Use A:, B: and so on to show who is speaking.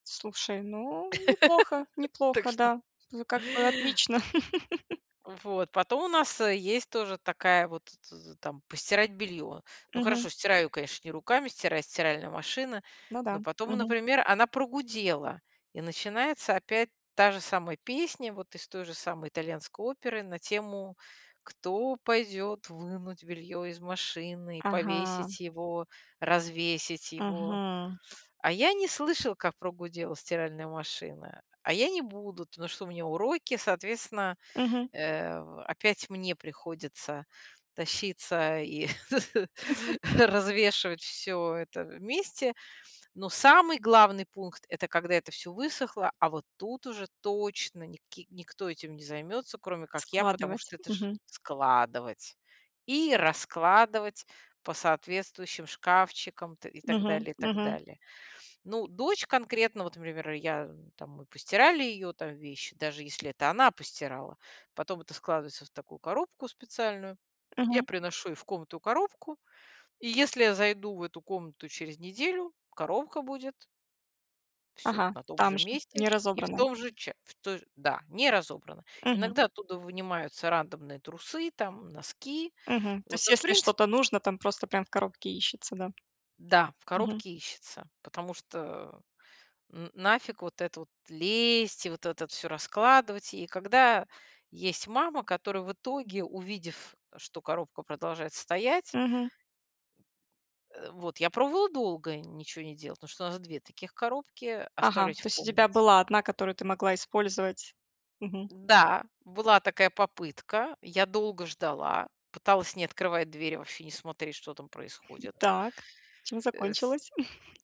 A: Слушай, ну, неплохо,
B: Так
A: неплохо,
B: что
A: да, ну как бы отлично.
B: Вот, потом у нас, э, есть тоже такая вот, т т там постирать белье. Ну,
A: Мгм.
B: хорошо, стираю, конечно, не руками, стирает стиральная машина,
A: Ну
B: но
A: да.
B: потом,
A: Мгм.
B: например, она прогудела. И начинается опять та же самая песня, вот из той же самой итальянской оперы на тему, кто пойдет вынуть белье из машины,
A: Ага.
B: повесить его, развесить его.
A: Мгм.
B: "А я не слышал, как прогудела стиральная машина". "А я не буду, потому что у меня уроки". Соответственно,
A: Мгм.
B: э, опять мне приходится тащиться и развешивать всё это вместе, но самый главный пункт- это, когда это всё высохло, а вот тут уже точно ник никто этим не займется, кроме как я, потому
A: Складывать.
B: что это ж
A: Мгм.
B: складывать и раскладывать по соответствующим шкафчикам т и так
A: Мгм,
B: далее, так
A: мгм.
B: далее. Ну, дочь конкретно, вот пример я там мы постирали ее там вещи, даже если это она постирала, потом это складывается в такую коробку специальную, я
A: Мгм.
B: приношу ей в комнату коробку, и если я зайду в эту комнату через неделю, коробка будет всё т
A: Ага,
B: на том
A: там
B: же
A: же,
B: месте
A: не
B: и в
A: разобранный.
B: том же ча в той же да, не разобрано.
A: Мгм.
B: Иногда оттуда вынимаются рандомные трусы там, носки.
A: Мгм. То
B: Вот.
A: есть
B: Но в
A: если что-то
B: принципе
A: нужно там, просто прям в коробке ищется, да?
B: Да, в
A: Мгм.
B: коробке ищется, потому что н нафиг вот это вот лезть, и вот это от всё раскладывать, и когда есть мама, которая в итоге, увидев, что коробка продолжает стоять
A: Мгм.
B: Э, вот я пробовала долго ниче не делать, потому что у нас 2 таких коробки,
A: Ага,
B: оставлять в
A: то есть у тебя
B: комнате.
A: была одна, которую ты могла использовать. Мгм.
B: Да, была такая попытка, я долго ждала, пыталась не открывать дверь, вообще не смотреть, что там
A: М,
B: происходит.
A: так, чем
B: Э, с
A: закончилось?